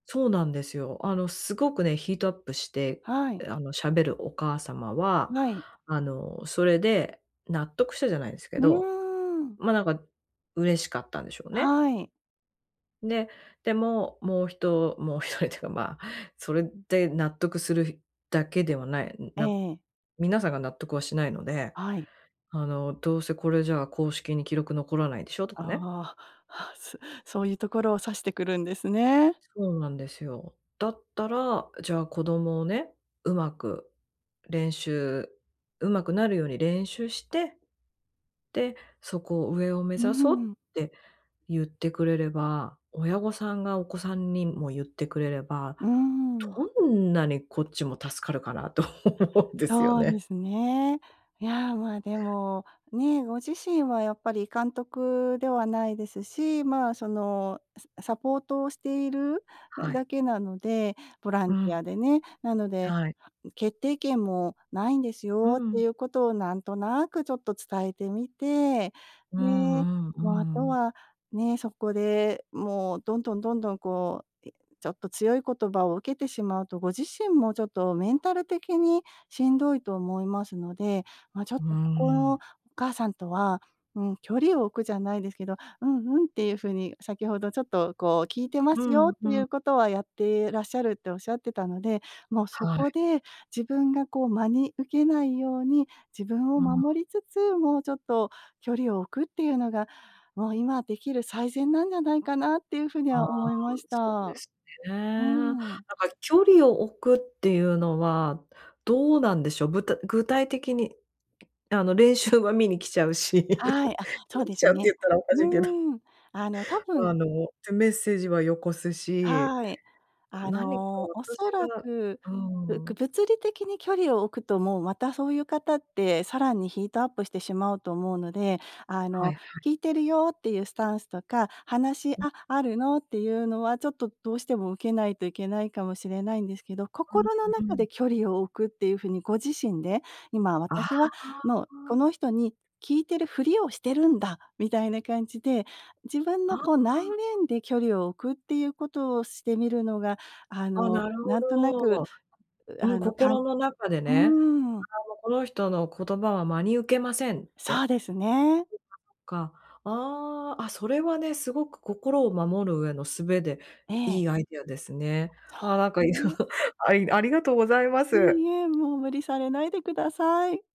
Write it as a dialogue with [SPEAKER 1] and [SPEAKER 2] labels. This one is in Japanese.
[SPEAKER 1] そうなんですよ。あの、すごくね、ヒートアップして、
[SPEAKER 2] はい。
[SPEAKER 1] あの、しゃべるお母様は、
[SPEAKER 2] はい。
[SPEAKER 1] あの、それで納得したじゃないですけ
[SPEAKER 2] う
[SPEAKER 1] ど。
[SPEAKER 2] ーん。
[SPEAKER 1] ま、なんか嬉しかったんでしょうね。
[SPEAKER 2] はい。
[SPEAKER 1] で、でも、もうひともう一人ってか、ま、それで納得するだけではない、
[SPEAKER 2] ええ
[SPEAKER 1] な
[SPEAKER 2] ええ。
[SPEAKER 1] 皆さんが納得はしないので、
[SPEAKER 2] はい。
[SPEAKER 1] あの「どうせこれじゃあ、公式に記録残らないでしょ」と
[SPEAKER 2] あ
[SPEAKER 1] かね。
[SPEAKER 2] あ、はあ、すそういうところを指してくるんですね。
[SPEAKER 1] そうなんですよ。だったら、じゃあ、子供をね、上手く練習上手くなるように練習して、で、そこを上を目
[SPEAKER 2] うー
[SPEAKER 1] 指そうっ
[SPEAKER 2] ん。
[SPEAKER 1] て言ってくれれば、親御さんがお子さんにも言ってくれれば、
[SPEAKER 2] うん。
[SPEAKER 1] どんなにこっちも助かるかなと思うんですよ
[SPEAKER 2] そうで
[SPEAKER 1] ね。
[SPEAKER 2] すね。いや、ま、でも、ね、ご自身はやっぱり監督ではないですし、まあ、その、すサポートをしている
[SPEAKER 1] は
[SPEAKER 2] だ
[SPEAKER 1] い。
[SPEAKER 2] けなので、ボラ
[SPEAKER 1] う
[SPEAKER 2] ンティ
[SPEAKER 1] ん。
[SPEAKER 2] アでね。なので
[SPEAKER 1] はい。
[SPEAKER 2] 「決定権もないんです
[SPEAKER 1] う
[SPEAKER 2] よ」って
[SPEAKER 1] ん。
[SPEAKER 2] いうことをなんとなくちょっと伝えてみて、
[SPEAKER 1] う
[SPEAKER 2] で、
[SPEAKER 1] ん、うん、う
[SPEAKER 2] もうあと
[SPEAKER 1] ん。
[SPEAKER 2] は、ね、そこでもう、どんどん、どんどん、こう、え、ちょっと強い言葉を受けてしまうと、ご自身もちょっとメンタル的にしんどいと思いますので、ま、ちょっ
[SPEAKER 1] うー
[SPEAKER 2] とここのお
[SPEAKER 1] ん。
[SPEAKER 2] 母さんとは、うん、距離を置くじゃないですけど「うんうん」っていう風に、先ほどちょっとこう「聞いてま
[SPEAKER 1] う
[SPEAKER 2] すよ」
[SPEAKER 1] ん、
[SPEAKER 2] って
[SPEAKER 1] う
[SPEAKER 2] い
[SPEAKER 1] ん。
[SPEAKER 2] うことはやってらっしゃるって仰ってたので、もうそ
[SPEAKER 1] は
[SPEAKER 2] こ
[SPEAKER 1] い。
[SPEAKER 2] で自分がこう、真に受けないように、自分を
[SPEAKER 1] うん。
[SPEAKER 2] 守りつつ、もうちょっと距離を置くっていうのが、もう今できる最善なんじゃないかな？っていう風に
[SPEAKER 1] ああ、
[SPEAKER 2] は思いまし
[SPEAKER 1] そうで
[SPEAKER 2] た。
[SPEAKER 1] すね。
[SPEAKER 2] う
[SPEAKER 1] なんか
[SPEAKER 2] ん。
[SPEAKER 1] 距離を置くっていうのは、どうなんでしょう？ぶた具体的に、あの、練習は見に来ちゃうし、
[SPEAKER 2] はい、あ、そ
[SPEAKER 1] 見
[SPEAKER 2] う
[SPEAKER 1] に
[SPEAKER 2] で
[SPEAKER 1] 来
[SPEAKER 2] す
[SPEAKER 1] ちゃうって
[SPEAKER 2] ね。
[SPEAKER 1] 言ったらおかしいけど。
[SPEAKER 2] うん。あの、多
[SPEAKER 1] ま、
[SPEAKER 2] 分
[SPEAKER 1] あの、ぜメッセージはよこすし、
[SPEAKER 2] はい。あ
[SPEAKER 1] 何か
[SPEAKER 2] の、
[SPEAKER 1] 私
[SPEAKER 2] 恐ら
[SPEAKER 1] が
[SPEAKER 2] く、
[SPEAKER 1] う
[SPEAKER 2] ぶ
[SPEAKER 1] ー
[SPEAKER 2] く
[SPEAKER 1] ん。
[SPEAKER 2] 物理的に距離を置くともう、またそういう方って、さらにヒートアップしてしまうと思うので、あ
[SPEAKER 1] はい
[SPEAKER 2] の、
[SPEAKER 1] はい。
[SPEAKER 2] 聞いてるよっていうスタンスとか「話、
[SPEAKER 1] うん。
[SPEAKER 2] あ、あるの？」っていうのは、ちょっとどうしても受けないといけないかもしれないんですけど、
[SPEAKER 1] うん、う
[SPEAKER 2] 心の
[SPEAKER 1] う
[SPEAKER 2] 中
[SPEAKER 1] ん。
[SPEAKER 2] で距離を置くっていう風にご自身で「今
[SPEAKER 1] あ
[SPEAKER 2] 私はもう、こ
[SPEAKER 1] あ。
[SPEAKER 2] の人に聞いてるふりをしてるんだ」みたいな感じで、自分
[SPEAKER 1] あ、
[SPEAKER 2] の
[SPEAKER 1] ああ、
[SPEAKER 2] こう、内
[SPEAKER 1] あ。
[SPEAKER 2] 面で距離を置くっていうことをしてみるのが、あ
[SPEAKER 1] ああ、
[SPEAKER 2] の、
[SPEAKER 1] なるほ
[SPEAKER 2] なんとなく、
[SPEAKER 1] ど。
[SPEAKER 2] う
[SPEAKER 1] うん、
[SPEAKER 2] あの、かんう
[SPEAKER 1] 心の中でね、
[SPEAKER 2] ーん。
[SPEAKER 1] あの「この人の言葉は真に受けません」っ
[SPEAKER 2] そ
[SPEAKER 1] て、
[SPEAKER 2] うですね。
[SPEAKER 1] か、ああ、あ、それはね、すごく心を守る上の術で、
[SPEAKER 2] ええ。
[SPEAKER 1] いいアイディアですね。
[SPEAKER 2] そ
[SPEAKER 1] ああ、なんか、
[SPEAKER 2] う
[SPEAKER 1] いろ
[SPEAKER 2] ね。
[SPEAKER 1] ありありがとうございま
[SPEAKER 2] い
[SPEAKER 1] す。
[SPEAKER 2] いえ、もう無理されないでください。